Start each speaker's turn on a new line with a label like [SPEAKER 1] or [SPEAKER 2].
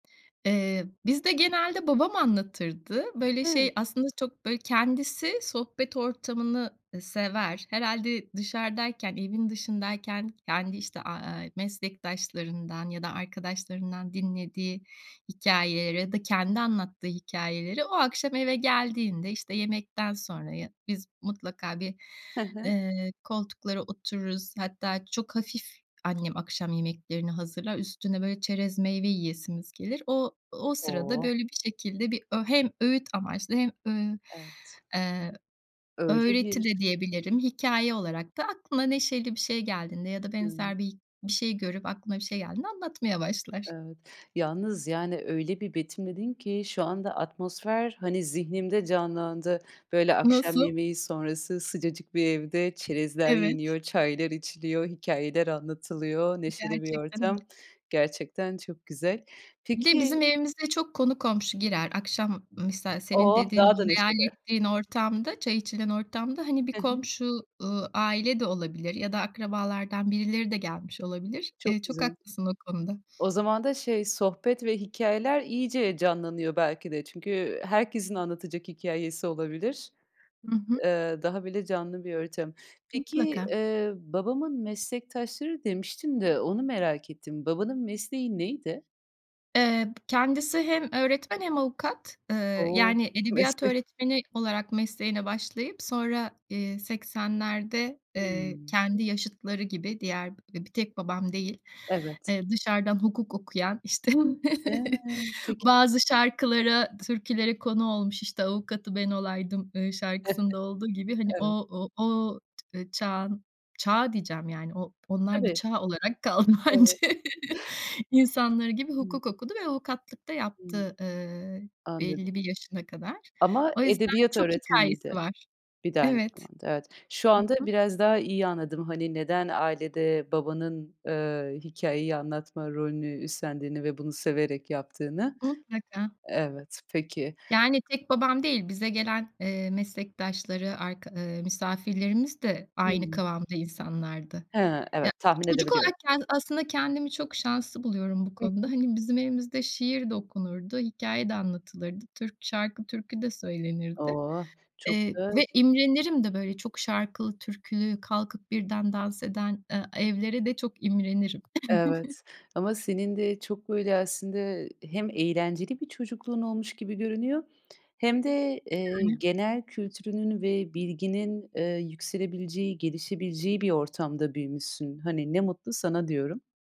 [SPEAKER 1] Eee, bizde genelde babam anlatırdı. Böyle
[SPEAKER 2] Hı.
[SPEAKER 1] şey aslında çok böyle kendisi sohbet ortamını sever. Herhâlde dışarıdayken evin dışındayken kendi işte, aaa, meslektaşlarından ya da arkadaşlarından dinlediği hikâyeleri ya da kendi anlattığı hikâyeleri o akşam eve geldiğinde işte yemekten sonraya biz mutlaka bir,
[SPEAKER 2] Hı hı.
[SPEAKER 1] eee, koltuklara otururuz. Hatta çok hafif annem akşam yemeklerini hazırlar, üstüne böyle çerez meyve yiyesimiz gelir. O o sırada
[SPEAKER 2] Oh!
[SPEAKER 1] böyle bir şekilde bir ö hem öğüt amaçlı hem, ııı,
[SPEAKER 2] Evet.
[SPEAKER 1] eee,
[SPEAKER 2] Öyle
[SPEAKER 1] öğreti
[SPEAKER 2] bir
[SPEAKER 1] de diyebilirim. Hikâye olarak da aklına neşeli bir şey geldiğinde ya da
[SPEAKER 2] Hımm.
[SPEAKER 1] benzer bir bir şey görüp aklına bir şey geldiğinde anlatmaya başlar.
[SPEAKER 2] Evet. Yalnız yani öyle bir betimledin ki, şu anda atmosfer hani zihnimde canlandı. Böyle akşam
[SPEAKER 1] Nasıl?
[SPEAKER 2] yemeği sonrası sıcacık bir evde çerezler
[SPEAKER 1] Evet.
[SPEAKER 2] yeniyor, çaylar içiliyor, hikâyeler anlatılıyor, neşeli bir
[SPEAKER 1] Gerçekten.
[SPEAKER 2] ortam. Gerçekten çok güzel.
[SPEAKER 1] Bir de
[SPEAKER 2] Peki
[SPEAKER 1] bizim evimize çok konu komşu girer. Akşam misal senin
[SPEAKER 2] Oh!
[SPEAKER 1] dediğin,
[SPEAKER 2] Daha da
[SPEAKER 1] hayal
[SPEAKER 2] neşeli.
[SPEAKER 1] ettiğin ortamda, çay içilen ortamda, hani bir
[SPEAKER 2] Hı hı.
[SPEAKER 1] komşu, ııı, aile de olabilir ya da akrabalardan birileri de gelmiş olabilir. Eee,
[SPEAKER 2] Çok
[SPEAKER 1] çok
[SPEAKER 2] güzel.
[SPEAKER 1] haklısın o konuda.
[SPEAKER 2] O zaman da şey, sohbet ve hikâyeler iyice canlanıyor belki de. Çünkü herkesin anlatacak hikâyesi olabilir.
[SPEAKER 1] Hı hı.
[SPEAKER 2] Eee, daha bile canlı bir ortam. Peki,
[SPEAKER 1] Mutlaka.
[SPEAKER 2] eee, babamın meslektaşları demiştin de, onu merak ettim. Babanın mesleği neydi?
[SPEAKER 1] Eee, kendisi hem öğretmen hem avukat. Iıı,
[SPEAKER 2] O!
[SPEAKER 1] yani
[SPEAKER 2] 2
[SPEAKER 1] edebiyat
[SPEAKER 2] meslek.
[SPEAKER 1] öğretmeni olarak mesleğine başlayıp sonra, eee, 80'lerde, eee,
[SPEAKER 2] Hımm.
[SPEAKER 1] kendi yaşıtları gibi diğer bir tek babam değil.
[SPEAKER 2] Evet.
[SPEAKER 1] Eee, dışarıdan hukuk okuyan, işte
[SPEAKER 2] Hıı, peki.
[SPEAKER 1] bazı şarkılara türkülere konu olmuş, işte avukatı ben olaydım, ııı, şarkısında olduğu gibi hani o
[SPEAKER 2] Evet.
[SPEAKER 1] o o çağın çağ diyeceğim yani o onlar bir
[SPEAKER 2] Tabii.
[SPEAKER 1] çağ olarak kaldı
[SPEAKER 2] Evet.
[SPEAKER 1] bence, insanları gibi
[SPEAKER 2] Hımm.
[SPEAKER 1] hukuk okudu. Ve avukatlık da
[SPEAKER 2] Hımm.
[SPEAKER 1] yaptı, ııı,
[SPEAKER 2] Anladım.
[SPEAKER 1] belli bir yaşına kadar.
[SPEAKER 2] Ama
[SPEAKER 1] O yüzden
[SPEAKER 2] edebiyat
[SPEAKER 1] çok
[SPEAKER 2] öğretmeniydi,
[SPEAKER 1] hikâyesi var.
[SPEAKER 2] bir de aynı
[SPEAKER 1] Evet.
[SPEAKER 2] zamanda. Evet. Şu
[SPEAKER 1] Hı
[SPEAKER 2] anda
[SPEAKER 1] hı.
[SPEAKER 2] biraz daha iyi anladım hani neden ailede babanın, eee, hikâyeyi anlatma rolünü üstlendiğini ve bunu severek yaptığını.
[SPEAKER 1] Mutlaka.
[SPEAKER 2] Evet, peki.
[SPEAKER 1] Yani tek babam değil bize gelen, eee, meslektaşları, arka ııı misafirlerimiz de aynı
[SPEAKER 2] Hımm.
[SPEAKER 1] kıvamda insanlardı.
[SPEAKER 2] He,
[SPEAKER 1] Ya
[SPEAKER 2] evet, tahmin
[SPEAKER 1] çocuk
[SPEAKER 2] edebiliyorum.
[SPEAKER 1] olarak kendi aslında kendimi çok şanslı buluyorum bu
[SPEAKER 2] I
[SPEAKER 1] konuda.
[SPEAKER 2] hı.
[SPEAKER 1] Hani bizim evimizde şiir de okunurdu, hikâye de anlatılırdı. Türk şarkı türkü de söylenirdi.
[SPEAKER 2] Oh! Çok
[SPEAKER 1] Eee,
[SPEAKER 2] öz
[SPEAKER 1] ve imrenirim de böyle çok şarkılı türkülü, kalkıp birden dans eden, ııı, evlere de çok imrenirim.
[SPEAKER 2] Evet. Ama senin de çok böyle aslında hem eğlenceli bir çocukluğun olmuş gibi görünüyor hem de, eee,
[SPEAKER 1] Yani.
[SPEAKER 2] genel kültürünün ve bilginin, eee, yükselebileceği, gelişebileceği bir ortamda büyümüşsün. Hani ne mutlu sana diyorum.